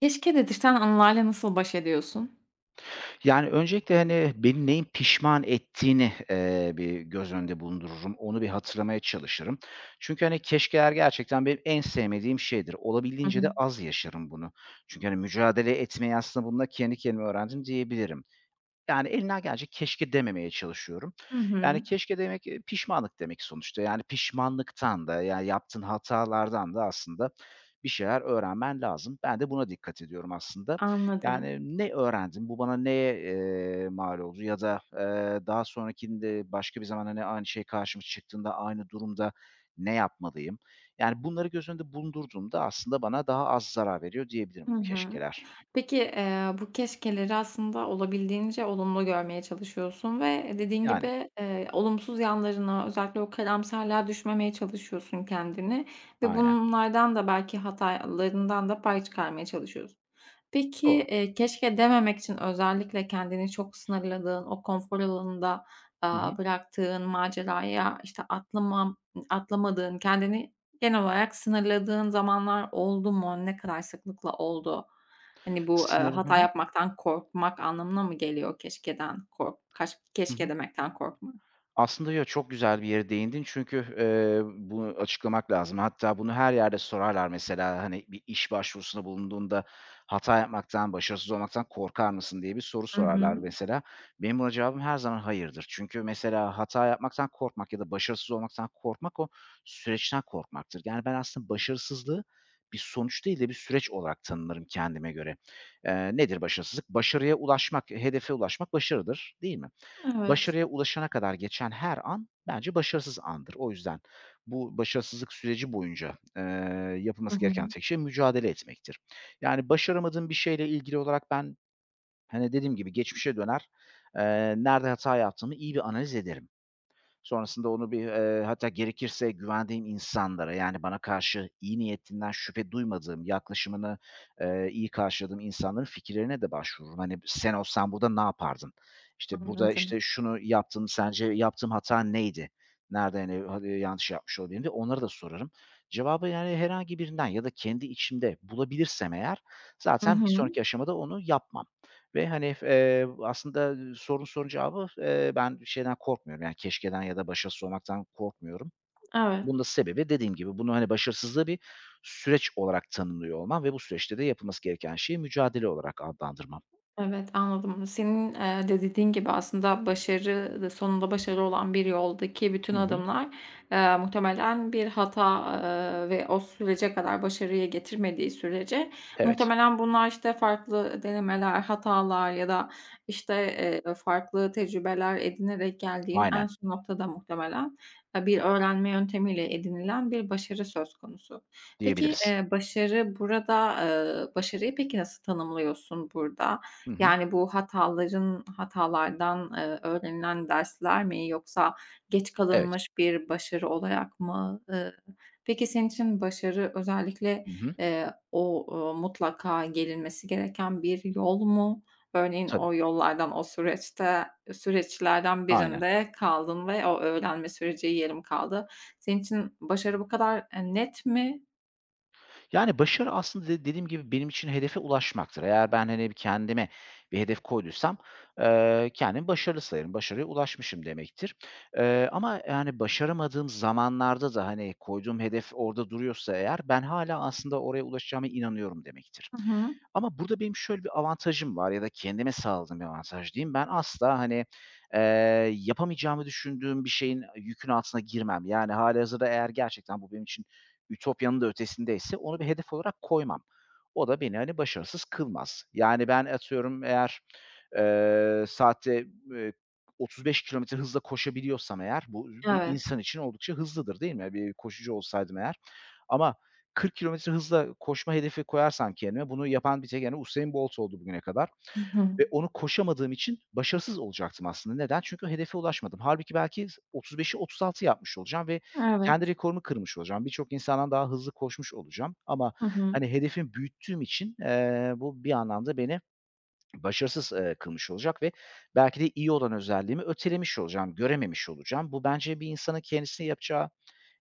Keşke dedirten anlarla nasıl baş ediyorsun? Yani, öncelikle, hani, beni neyin pişman ettiğini, eee, bir göz önünde bulundururum, onu bir hatırlamaya çalışırım. Çünkü, hani, keşkeler gerçekten benim en sevmediğim şeydir. Hı Olabildiğince hı. de az yaşarım bunu. Çünkü, hani, mücadele etmeyi aslında bununla kendi kendime öğrendim diyebilirim. Yani, elimden geldiğince keşke dememeye çalışıyorum. Hı Yani, hı. keşke demek, eee, pişmanlık demek sonuçta, yani, pişmanlıktan da, yani, yaptığın hatalardan da aslında bir şeyler öğrenmen lazım. Ben de buna dikkat ediyorum aslında. Anladım. Yani, ne öğrendim, bu bana neye, eee, mal oldu ya da, eee, daha sonrakinde başka bir zamanda ne aynı şey karşımıza çıktığında aynı durumda ne yapmalıyım? Yani, bunları göz önünde bulundurduğumda aslında bana daha az zarar veriyor diyebilirim Hı bu hı. keşkeler. Peki, eee, bu keşkeleri aslında olabildiğince olumlu görmeye çalışıyorsun ve dediğin Yani. gibi, eee, olumsuz yanlarına özellikle o karamsarlığa düşmemeye çalışıyorsun kendini ve Aynen. bunlardan da belki hatalarından da pay çıkarmaya çalışıyorsun. Peki, Doğru. eee, keşke dememek için özellikle kendini çok sınırladığın, o konfor alanında, Hı aaa, hı. bıraktığın maceraya, işte, atlıma atlamadığın, kendini genel olarak sınırladığın zamanlar oldu mu, ne kadar sıklıkla oldu? Hani, bu, eee, Sınırım. Hı hata hı. yapmaktan korkmak anlamına mı geliyor keşkeden kork kaş Hı keşke hı. demekten korkmak? Aslında, ya, çok güzel bir yere değindin çünkü, eee, bunu açıklamak lazım. Hatta bunu her yerde sorarlar mesela, hani, bir iş başvurusunda bulunduğunda hata yapmaktan, başarısız olmaktan korkar mısın diye bir soru Hı sorarlar hı. mesela. Benim buna cevabım her zaman hayırdır çünkü mesela hata yapmaktan korkmak ya da başarısız olmaktan korkmak o süreçten korkmaktır. Yani, ben aslında başarısızlığı bir sonuç değil de bir süreç olarak tanırım kendime göre. Eee, nedir başarısızlık? Başarıya ulaşmak, hedefe ulaşmak başarıdır, değil mi? Evet. Başarıya ulaşana kadar geçen her an bence başarısız andır. O yüzden bu başarısızlık süreci boyunca, eee, Hı yapılması gereken hı. tek şey mücadele etmektir. Yani, başaramadığım bir şeyle ilgili olarak ben, hani, dediğim gibi geçmişe döner, eee, nerede hata yaptığımı iyi bir analiz ederim. Sonrasında onu bir, eee, hatta gerekirse güvendiğim insanlara, yani, bana karşı iyi niyetinden şüphe duymadığım, yaklaşımını, eee, iyi karşıladığım insanların fikirlerine de başvururum. Hani, sen olsan burada ne yapardın? İşte, burada, Anladım. işte, şunu yaptın, sence yaptığım hata neydi? Nerede, hani, yanlış yapmış olabilirim diye, onları da sorarım. Cevabı, yani, herhangi birinden ya da kendi içimde bulabilirsem eğer Hı zaten bir hı. sonraki aşamada onu yapmam ve, hani, eee, aslında sorduğun sorunun cevabı, eee, ben şeyden korkmuyorum, yani, keşkeden ya da başarısız olmaktan korkmuyorum. Evet. Bunun da sebebi dediğim gibi bunu hani başarısızlığı bir süreç olarak tanımlıyor olmam ve bu süreçte de yapılması gereken şeyi mücadele olarak adlandırmam. Evet, anladım. Senin, eee, de dediğin gibi aslında başarı da sonunda başarı olan bir yoldaki bütün Hı hı. adımlar, eee, muhtemelen bir hata, eee, ve o sürece kadar başarıyı getirmediği sürece Evet. muhtemelen bunlar işte farklı ı denemeler, hatalar ya da, işte, eee, farklı tecrübeler edinerek geldiğin en Aynen. son noktada muhtemelen, eee, bir öğrenme yöntemiyle edinilen bir başarı söz konusu. Peki, Diyebiliriz. eee, başarı burada, eee, başarıyı peki nasıl tanımlıyorsun burada? Hı hı. Yani bu hataların hatalardan, eee, öğrenilen dersler mi yoksa geç Evet. kalınmış bir başarı olarak mı? Iıı, peki, senin için başarı özellikle, Hı hı. eee, o, ııı, mutlaka gelinmesi gereken bir yol mu? Örneğin Tabii. o yollardan, o süreçte süreçlerden Aynen. birinde kaldın ve o öğrenme süreci yarım kaldı. Senin için başarı bu kadar, eee, net mi? Yani başarı aslında de dediğim gibi benim için hedefe ulaşmaktır. Eğer ben, hani, kendime bir hedef koyduysam, eee, kendimi başarılı sayarım, başarıya ulaşmışım demektir. Eee, ama yani, başaramadığım zamanlarda da hani, koyduğum hedef orada duruyorsa eğer ben hâlâ aslında oraya ulaşacağıma inanıyorum demektir. Hı hı. Ama burada benim şöyle bir avantajım var ya da kendime sağladığım bir avantaj diyeyim. Ben asla, hani, eee, yapamayacağımı düşündüğüm bir şeyin, yükün altına girmem. Yani, hâlihazırda eğer gerçekten bu benim için ütopyanın da ötesindeyse onu bir hedef olarak koymam. O da beni, hani, başarısız kılmaz. Yani ben atıyorum eğer, eee saatte b eee, 35 kilometre hızla koşabiliyorsam eğer, bu [unintelligible] bir Evet. insan için oldukça hızlıdır, değil mi? Bir koşucu olsaydım eğer. Ama 40 kilometre hızla koşma hedefi koyarsam kendime bunu yapan bir tek, hani, Usain Bolt oldu bugüne kadar. Hı Ve hı. onu koşamadığım için başarısız olacaktım aslında. Neden? Çünkü hedefe ulaşmadım. Halbuki belki 35'i, 36'yı, yapmış olacağım ve kendi Evet. rekorumu kırmış olacağım. Birçok insandan daha hızlı koşmuş olacağım ama Hı hı. hani, hedefi büyüttüğüm için, eee, bu bir anlamda beni başarısız, eee, kılmış olacak ve belki de iyi olan özelliğimi ötelemiş olacağım, görememiş olacağım. Bu bence bir insanın kendisine yapacağı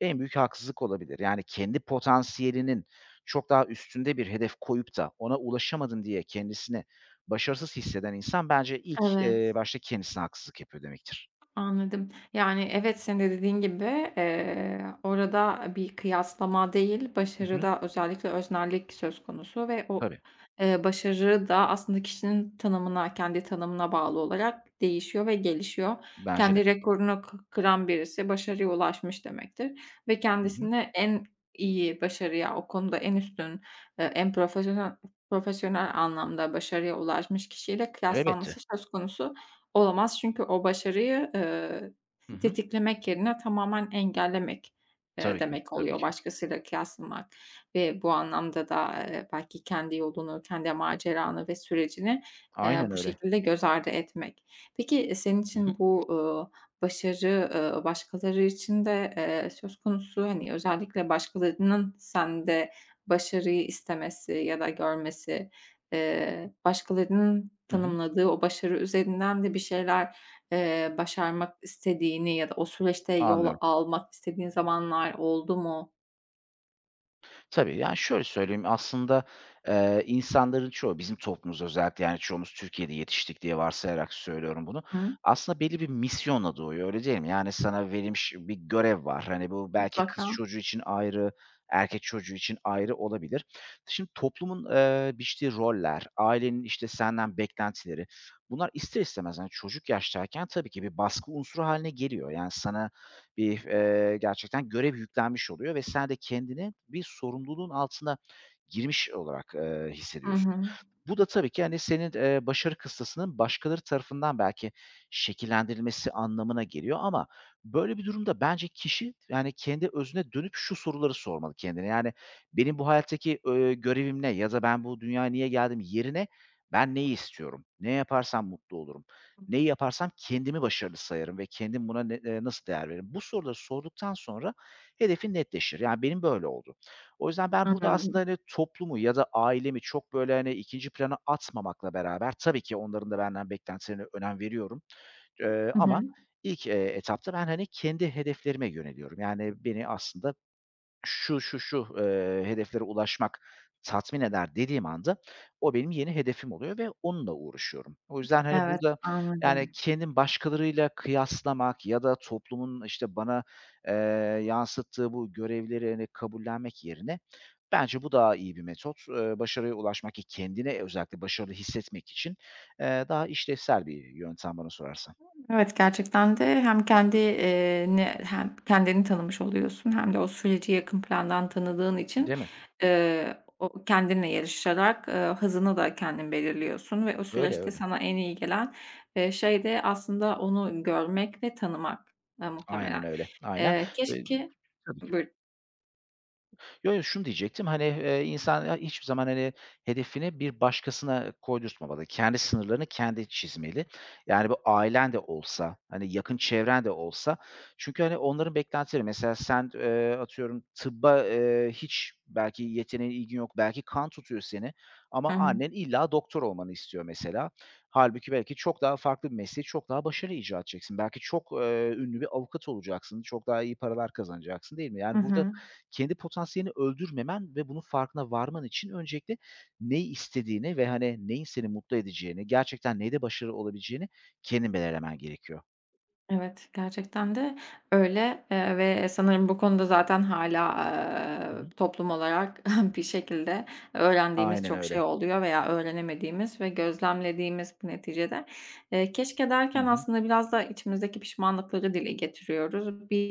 en büyük haksızlık olabilir. Yani, kendi potansiyelinin çok daha üstünde bir hedef koyup da ona ulaşamadım diye kendisini başarısız hisseden insan bence ilk, Evet. eee, başta kendisine haksızlık yapıyor demektir. Anladım, yani, evet senin de dediğin gibi, eee, orada bir kıyaslama değil, Hı hı. başarıda özellikle öznellik söz konusu ve o, Tabii. eee, başarı da aslında kişinin tanımına, kendi tanımına bağlı olarak değişiyor ve gelişiyor. Bence de. Kendi rekorunu kı kıran birisi başarıya ulaşmış demektir. Ve Hı hı. kendisini en iyi başarıya, o konuda en üstün, eee, en profesyonel profesyonel anlamda başarıya ulaşmış kişiyle Elbette. kıyaslanması söz konusu olamaz. Çünkü o başarıyı, eee, Hı hı. tetiklemek yerine tamamen engellemek, eee, Tabii ki, demek tabii oluyor ki. başkasıyla kıyaslamak ve bu anlamda da, eee, belki kendi yolunu, kendi maceranı ve sürecini, eee, Aynen bu öyle. şekilde göz ardı etmek. Peki senin Hı hı. için bu, ııı, başarı, ııı, başkaları için de, eee, söz konusu, hani, özellikle başkalarının sende başarıyı istemesi ya da görmesi, eee, başkalarının Hı hı. tanımladığı o başarı üzerinden de bir şeyler, eee, başarmak istediğini ya da o süreçte yol Anlıyorum. almak istediğin zamanlar oldu mu? Tabii, yani, şöyle söyleyeyim, aslında, eee, insanların çoğu, bizim toplumuz özellikle, yani, çoğumuz Türkiye'de yetiştik diye varsayarak söylüyorum bunu, Hıı. aslında belli bir misyonla doğuyor, öyle değil mi? Yani, sana verilmiş bir görev var. Hani, bu belki kız Mutlaka. çocuğu için ayrı, erkek çocuğu için ayrı olabilir. Şimdi toplumun, ııı, biçtiği roller, ailenin işte senden beklentileri, bunlar ister istemez, hani, çocuk yaştayken, tabii ki bir baskı unsuru hâline geliyor. Yani, sana bir, eee, gerçekten görev yüklenmiş oluyor ve sen de kendini bir sorumluluğun altına girmiş olarak, ııı, Hı hissediyorsun. hı. Bu da tabii ki, hani, senin, eee, başarı kıstasının başkaları tarafından belki şekillendirilmesi anlamına geliyor ama böyle bir durumda bence kişi, yani, kendi özüne dönüp şu soruları sormalı kendine. Yani, "Benim bu hayattaki, ııı, görevim ne ya da ben bu dünyaya niye geldim?" yerine "Ben neyi istiyorum, ne yaparsam mutlu olurum, Hı. neyi yaparsam kendimi başarılı sayarım ve kendim buna ne eee, nasıl değer veririm?" Bu soruları sorduktan sonra hedefin netleşir. Yani, benim böyle oldu. O yüzden ben burada aslında, [unintelligible] hani, toplumu ya da ailemi çok böyle hani ikinci plana atmamakla beraber tabii ki onların da benden beklentilerine önem veriyorum, eee, Hı ama hı. ilk, eee, etapta ben, hani, kendi hedeflerime yöneliyorum. Yani, beni aslında şu, şu, şu, eee, hedeflere ulaşmak tatmin eder dediğim anda o benim yeni hedefim oluyor ve onunla uğraşıyorum. O yüzden hani Evet, burada, yani, anladım. kendimi başkalarıyla kıyaslamak ya da toplumun işte bana, eee, yansıttığı bu görevleri, hani, kabullenmek yerine bence bu daha iyi bir metot. Iıı, başarıya ulaşmak, ki kendini özellikle başarılı hissetmek için, eee, daha işlevsel bir yöntem bana sorarsan. Evet, gerçekten de hem kendi iii ni hem kendini tanımış oluyorsun hem de o süreci yakın plandan tanıdığın için, Değil mi? ııı, o kendinle yarışarak, ııı, hızını da kendin belirliyorsun ve o Öyle, süreçte öyle. sana en iyi gelen, iii, şey de aslında onu görmek ve tanımak, ııı, Aynen muhtemelen. öyle, aynen. Eee, Iıı, keşke tabii ki. Buyurun. Yo, yo, şunu diyecektim, hani, eee, insan ha hiçbir zaman, hani, hedefini bir başkasına koydurtmamalı. Kendi sınırlarını kendi çizmeli. Yani, bu ailen de olsa, hani, yakın çevren de olsa çünkü, hani, onların beklentileri mesela sen, eee, atıyorum tıbba, eee, hiç belki yeteneğin, ilgin yok, belki kan tutuyor seni ama Hı hı. annen illa doktor olmanı istiyor mesela. Hâlbuki belki çok daha farklı bir mesleği çok daha başarıyla icra edeceksin. Belki çok, eee, ünlü bir avukat olacaksın, çok daha iyi paralar kazanacaksın, değil mi? Hı Yani burada hı. kendi potansiyelini öldürmemen ve bunun farkına varman için öncelikle ne istediğini ve, hani, neyin seni mutlu edeceğini, gerçekten neyde başarılı olabileceğini kendin belirlemen gerekiyor. Evet, gerçekten de öyle, eee, ve sanırım bu konuda zaten hâlâ, Hı ııı, hı. toplum olarak bir şekilde öğrendiğimiz Aynen çok şey öyle. oluyor veya öğrenemediğimiz ve gözlemlediğimiz neticede. Eee, "keşke" Hı derken hı. aslında biraz da içimizdeki pişmanlıkları dile getiriyoruz. Bir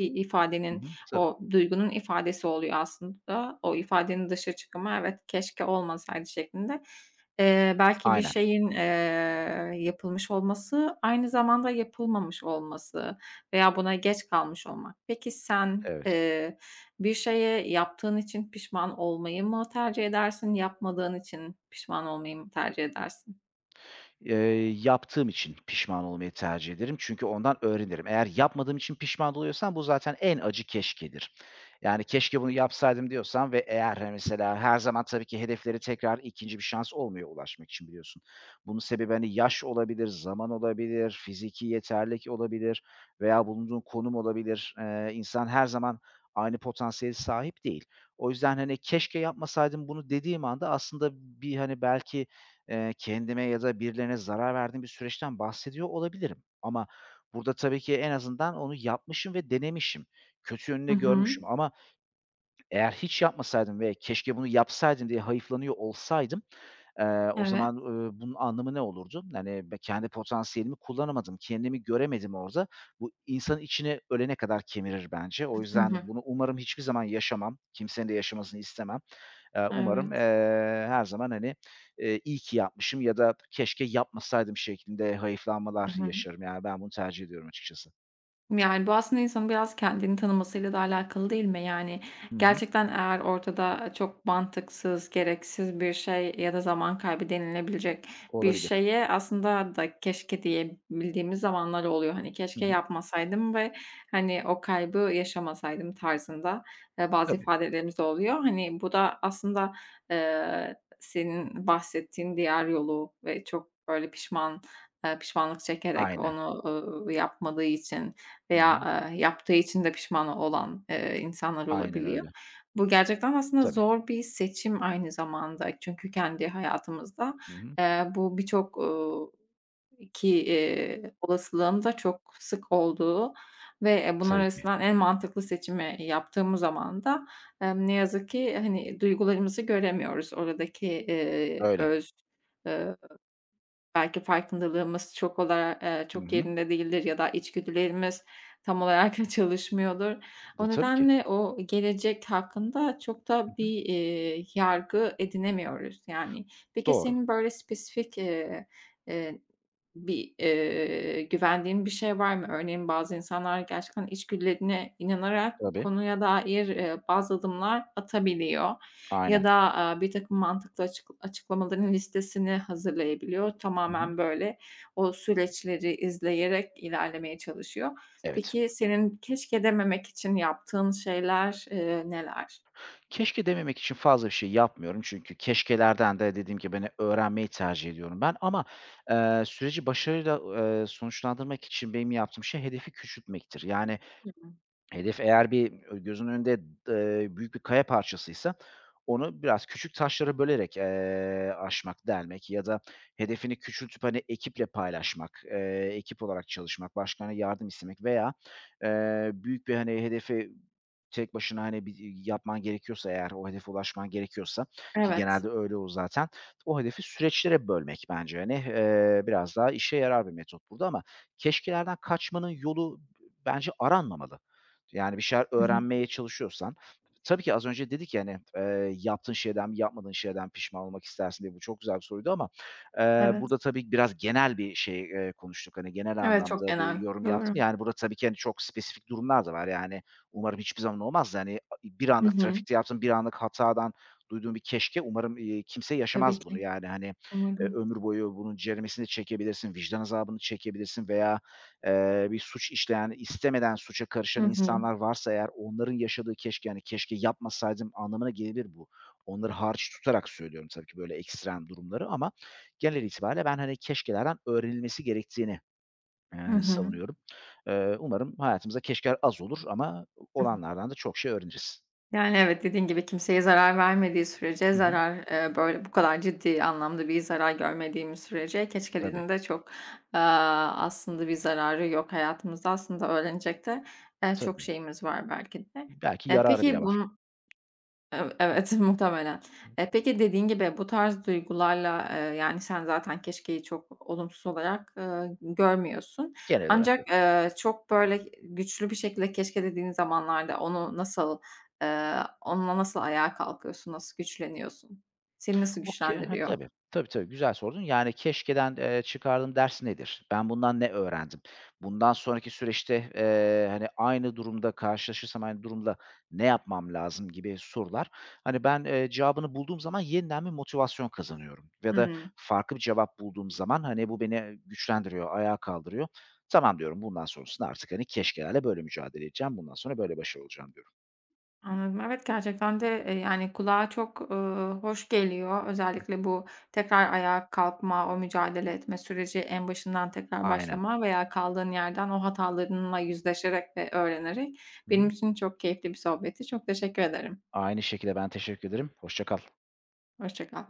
Hı ifadenin hı. Tabii. o duygunun ifadesi oluyor aslında o ifadenin dışa çıkımı, evet, "Keşke olmasaydı." şeklinde. Eee, belki bir Aynen. şeyin, eee, yapılmış olması, aynı zamanda yapılmamış olması veya buna geç kalmış olmak. Peki sen, Evet. eee, bir şeye yaptığın için pişman olmayı mı tercih edersin? Yapmadığın için pişman olmayı mı tercih edersin? Eee, yaptığım için pişman olmayı tercih ederim çünkü ondan öğrenirim. Eğer yapmadığım için pişman oluyorsam bu zaten en acı keşkedir. Yani, "Keşke bunu yapsaydım." diyorsan ve eğer mesela her zaman tabii ki hedeflere tekrar 2. bir şans olmuyor ulaşmak için biliyorsun. Bunun sebebi, hani, yaş olabilir, zaman olabilir, fiziki yeterlilik olabilir veya bulunduğun konum olabilir. Eee, insan her zaman aynı potansiyele sahip değil. O yüzden, hani, "Keşke yapmasaydım bunu." dediğim anda aslında bir, hani, belki, eee, kendime ya da birilerine zarar verdiğim bir süreçten bahsediyor olabilirim. Ama burada tabii ki en azından onu yapmışım ve denemişim. Kötü yönünü I de hı. görmüşüm. Ama eğer hiç yapmasaydım ve, "Keşke bunu yapsaydım." diye hayıflanıyor olsaydım, eee, o Evet. zaman, ııı, bunun anlamı ne olurdu? Hani, b kendi potansiyelimi kullanamadım, kendimi göremedim orada. Bu insanın içini ölene kadar kemirir bence. O Hı hı. yüzden bunu umarım hiçbir zaman yaşamam, kimsenin de yaşamasını istemem. Eee, umarım, eee, Evet. her zaman, hani, eee, iyi ki yapmışım ya da keşke yapmasaydım şeklinde Hı hayıflanmalar hı. yaşarım. Yani ben bunu tercih ediyorum açıkçası. Yani bu aslında insanın biraz kendini tanımasıyla da alâkalı değil mi? Yani Hı hı. gerçekten eğer ortada çok mantıksız, gereksiz bir şey ya da zaman kaybı denilebilecek bir Olabilir. şeye aslında da keşke diyebildiğimiz zamanlar oluyor. Hani Hı keşke hı. yapmasaydım ve hani o kaybı yaşamasaydım tarzında, eee, bazı Tabii. ifadelerimiz de oluyor. Hani bu da aslında, eee, senin bahsettiğin diğer yolu ve çok öyle pişman pişmanlık çekerek Aynen. onu, ııı, yapmadığı için Hı hı. veya yaptığı için de pişman olan, eee, insanlar Aynen olabiliyor. öyle. Bu gerçekten aslında Tabii. zor bir seçim aynı zamanda. Çünkü kendi hayatımızda, Hı hı. eee, bu birçok, uuu, ki, iii, olasılığın da çok sık olduğu ve bunlar Tabii ki. arasından en mantıklı seçimi yaptığımız zaman da ne yazık ki hani duygularımızı göremiyoruz. Oradaki, eee, Öyle. öz, eee, belki farkındalığımız çok olar eee, Hı çok hı. yerinde değildir ya da içgüdülerimiz tam olarak çalışmıyordur. D O tabii ki. nedenle o gelecek hakkında çok Hı da hı. bir, eee, yargı edinemiyoruz yani. Peki Doğru. senin böyle spesifik, eee, eee, bir, eee, güvendiğin bir şey var mı? Örneğin bazı insanlar gerçekten içgüdülerine inanarak o Tabii. konuya dair, eee, bazı adımlar atabiliyor ya Aynen. da, aaa, birtakım mantıklı açık açıklamaların listesini hazırlayabiliyor. Hı hı. Tamamen böyle o süreçleri izleyerek ilerlemeye çalışıyor. Evet. Peki senin keşke dememek için yaptığın şeyler, eee, neler? Keşke dememek için fazla bir şey yapmıyorum çünkü keşkelerden de dediğim gibi hani öğrenmeyi tercih ediyorum ben ama, eee, süreci başarıyla, eee, sonuçlandırmak için benim yaptığım şey hedefi küçültmektir. Yani Hı hı. hedef eğer bir ö gözün önünde, d eee, büyük bir kaya parçasıysa onu biraz küçük taşlara bölerek, eee, aşmak, delmek ya da hedefini küçültüp hani ekiple paylaşmak, eee, ekip olarak çalışmak, başkalarından yardım istemek veya, eee, büyük bir hani hedefi tek başına hani bir y yapman gerekiyorsa eğer, o hedefe ulaşman gerekiyorsa ki Evet. genelde öyle olur zaten, o hedefi süreçlere bölmek bence hani, eee, biraz daha işe yarar bir metot burada ama keşkelerden kaçmanın yolu d bence aranmamalı yani bir şeyler Hı hı. öğrenmeye çalışıyorsan... Tabii ki az önce dedik ya hani, eee, yaptığın şeyden mi yapmadığın şeyden mi pişman olmak istersin diye bu çok güzel bir soruydu ama, eee, Evet. burada tabii biraz genel bir şey, eee, konuştuk, hani genel Evet, çok anlamda bir genel. yorum yaptım, Doğru. yani burada tabii ki hani çok spesifik durumlar da var. Yani umarım hiçbir zaman olmaz da hani bir Hı anlık hı. trafikte yaptığın bir anlık hatadan duyduğun bir keşke umarım, eee, kimse Tabii yaşamaz bunu ki. yani hani, eee, Umarım. ömür boyu bunun ceremesini çekebilirsin, vicdan azabını çekebilirsin veya, eee, bir suç işleyen, istemeden suça Hı karışan hı. insanlar varsa eğer onların yaşadığı keşke hani keşke yapmasaydım anlamına gelebilir bu. Onları hariç tutarak söylüyorum tabii ki böyle ekstrem durumları ama genel itibârıyla ben hani keşkelerden öğrenilmesi gerektiğini, Hı eee, hı. savunuyorum. Eee, umarım hayatımızda keşkeler az olur ama Hı hı. olanlardan da çok şey öğreniriz. Yani evet, dediğin gibi kimseye zarar vermediği sürece Hı hı. zarar, eee, böyle, bu kadar ciddi anlamda bir zarar görmediğimiz sürece Tabii. keşkelerin de çok, eee, aslında bir zararı yok. Hayatımızda aslında öğrenecek de, eee, çok Tabii. şeyimiz var belki de. İ belki Eee, yararı bile peki var. bun Ev evet, muhtemelen. Hı. Eee, peki dediğin gibi bu tarz duygularla, eee, yani sen zaten keşkeyi çok olumsuz olarak, eee, görmüyorsun. Genel olarak yok. Ancak, eee, çok böyle güçlü bir şekilde keşke dediğin zamanlarda onu nasıl eee, onunla nasıl ayağa kalkıyorsun, nasıl güçleniyorsun? Seni nasıl Okay, ha güçlendiriyor? tabii. Tabii, tabii, güzel sordun. Yani keşkeden, eee, çıkardığım ders nedir? Ben bundan ne öğrendim? Bundan sonraki süreçte, eee, hani aynı durumda karşılaşırsam, aynı durumla ne yapmam lazım gibi sorular hani ben, eee, cevabını bulduğum zaman yeniden bir motivasyon kazanıyorum ya da Hıı. farklı bir cevap bulduğum zaman hani bu beni, e, güçlendiriyor, ayağa kaldırıyor. Tamam diyorum, bundan sonrasında artık hani keşkelerle böyle mücadele edeceğim, bundan sonra böyle başarılı olacağım diyorum. Anladım, evet, gerçekten de, eee, yani kulağa, ııı, çok hoş geliyor. Hımm. Özellikle bu tekrar ayağa kalkma, o mücadele etme süreci, en başından tekrar Aynen. başlama veya kaldığın yerden o hatalarınla yüzleşerek ve öğrenerek. Hı Benim hı. için çok keyifli bir sohbetti. Çok teşekkür ederim. Aynı şekilde. Ben teşekkür ederim. Hoşça kal. Hoşça kal.